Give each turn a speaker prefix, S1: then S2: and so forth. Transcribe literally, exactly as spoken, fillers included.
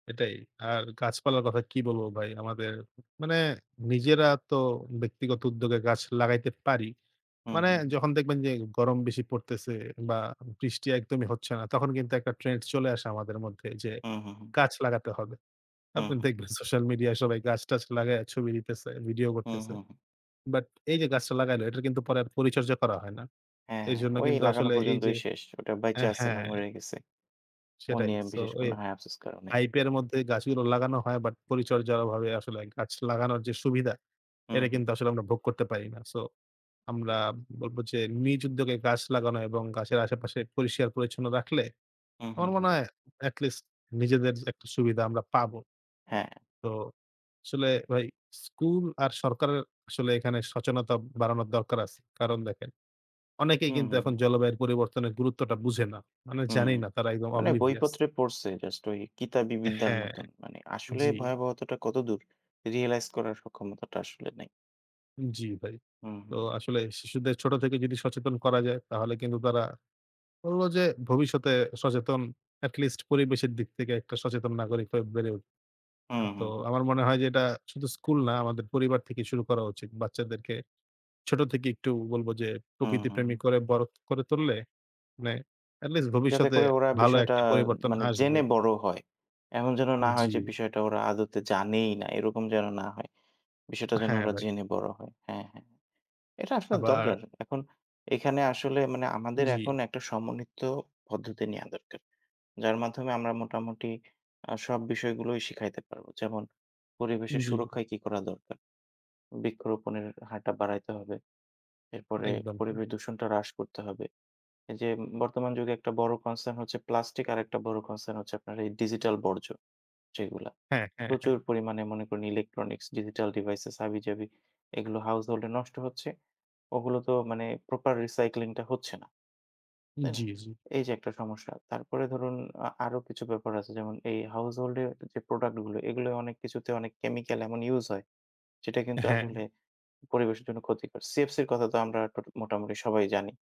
S1: এটাই। আর গাছপালার কথা কী বলব ভাই? আমাদের মানে নিজেরা তো ব্যক্তিগত উদ্যোগে গাছ লাগাইতে পারি।
S2: হু,
S1: মানে
S2: হু, হু।
S1: যখন দেখবেন যে গরম বেশি পড়তেছে বা বৃষ্টি একদমই হচ্ছে না তখন কিন্তু একটা trend চলে আসে আমাদের মধ্যে, যে
S2: হুম, হুম, হুম।
S1: গাছ লাগাতে হবে।
S2: হুম,
S1: আপনি
S2: হুম।
S1: দেখবেন সোশাল মিডিয়ায় সবাই গাছ-টাছ লাগাইয়া ছবি দিতেছে, video
S2: হুম,
S1: করতেছে।
S2: হুম, হুম।
S1: But এই যে গাছটা লাগাইল, এটার কিন্তু পরে আর পরিচর্যা করা হয় না।
S2: হ্যাঁ ,হ্যাঁ,
S1: এইজন্য
S2: ওই
S1: কিন্তু
S2: লাগানো
S1: আসলে এই যে
S2: পর্যন্তই শেষ। ওটা বাইচা
S1: অ্যা
S2: আছে না
S1: হ্যাঁ।
S2: মরে গেছে, ও
S1: সেটাই।
S2: নিয়ে
S1: So
S2: বিশেষ কোন
S1: ওই
S2: হায়-আফসোস কারো নাই।
S1: hype এর মধ্যে গাছগুলো লাগানো হয় but পরিচর্যার অভাবে আসলে গাছ লাগানোর যে সুবিধা
S2: হু,
S1: এটা
S2: হুম।
S1: কিন্তু আসলে আমরা ভোগ করতে পারি না। So আমরা বলব যে নিজ উদ্যোগে গাছ লাগানো এবং গাছের আশেপাশে পরিষ্কার-পরিচ্ছন্ন রাখলে
S2: হুম,
S1: আমার
S2: হুম,
S1: মনে
S2: হুম।
S1: হয় at least নিজেদের যে একটা সুবিধা আমরা পাব।
S2: হ্যাঁ।
S1: তো আসলে ভাই school আর সরকারের আসলে এখানে সচেনতা বাড়ানোর দরকার আছে। কারণ দেখেন অনেকেই
S2: হুম,
S1: কিন্তু
S2: হুম,
S1: এখন
S2: হুম।
S1: জলবায়ুর পরিবর্তনের গুরুত্বটা বুঝে না। মানে
S2: হুম,
S1: জানেই
S2: হুম।
S1: না, তারা একদম
S2: মানে
S1: oblivious।
S2: বইপত্রে পড়ছে just ওই কিতাবী বিদ্যার
S1: হ্যাঁ,
S2: মতন। মানে আসলে
S1: জি।
S2: ভয়াবহতাটা কতদূর realize করার সক্ষমতাটা আসলে নাই।
S1: জি ভাই।
S2: হুম,
S1: তো
S2: হুম, হুম।
S1: আসলে শিশুদের ছোট থেকে যদি সচেতন করা যায় তাহলে কিন্তু তারা বলব যে ভবিষ্যতে সচেতন at least পরিবেশের দিক থেকে একটা সচেতন নাগরিক হয়ে বেড়ে উঠবে।
S2: হুম,
S1: আ তো
S2: হুম, হুম।
S1: আমার মনে হয় যে এটা শুধু school না আমাদের পরিবার থেকেই শুরু করা উচিত। বাচ্চাদেরকে ছোট থেকে একটু বলব যে
S2: হুম, হুম,
S1: প্রকৃতিপ্রেমী
S2: হুম।
S1: করে বড় করে তুললে মানে at least
S2: যাতে
S1: ভবিষ্যতে
S2: করে ওরা
S1: ভালো
S2: বিষয়টা
S1: একটা পরিবর্তন
S2: মানে
S1: আসবে।
S2: জেনে বড় হয়। এমন যেন না হয় যে
S1: জি।
S2: বিষয়টা ওরা আদতে জানেই না, এরকম যেন না হয়। বিষয়টা যেন
S1: হ্যাঁ
S2: ওরা
S1: ভাই।
S2: জেনে বড় হয়। হ্যাঁ, হ্যাঁ। এটা আসলে
S1: আবার
S2: দরকার। এখন এখানে আসলে মানে আমাদের
S1: জি।
S2: এখন একটা সমন্বিত পদ্ধতি নেওয়া দরকার। যার মাধ্যমে আমরা মোটামুটি আ সব বিষয়গুলোই শিখাইতে পারব। যেমন পরিবেশের
S1: জি।
S2: সুরক্ষায় কী করা দরকার? বৃক্ষরোপণের হারটা বাড়াইতে হবে। এরপরে
S1: একদম। হু।
S2: পরিবেশ দূষণটা হ্রাস করতে হবে। এই যে উম বর্তমান যুগে একটা বড় concern হচ্ছে plastic, আরেকটা বড় concern হচ্ছে আপনার এই digital বর্জ্য যেগুলা।
S1: হ্যাঁ, হ্যাঁ, হ্যাঁ।
S2: প্রচুর পরিমাণে মনে করেন electronics, digital devices, হাবিজাবি এগুলো household-এ নষ্ট হচ্ছে। ওগুলো তো মানে proper recycling টা হচ্ছে না। তাই না?
S1: জি, জি।
S2: এই যে একটা সমস্যা। তারপরে ধরুন আ আরও কিছু ব্যাপার আছে যেমন এই household-এর যে productগুলো, এগুলাও অনেক কিছুতে অনেক chemical এমন use হয়, যেটা কিন্তু
S1: হ্যাঁ।
S2: আসলে পরিবেশের জন্য ক্ষতিকর। CFC-র কথা তো আমরা ট মোটামুটি সবাই জানি।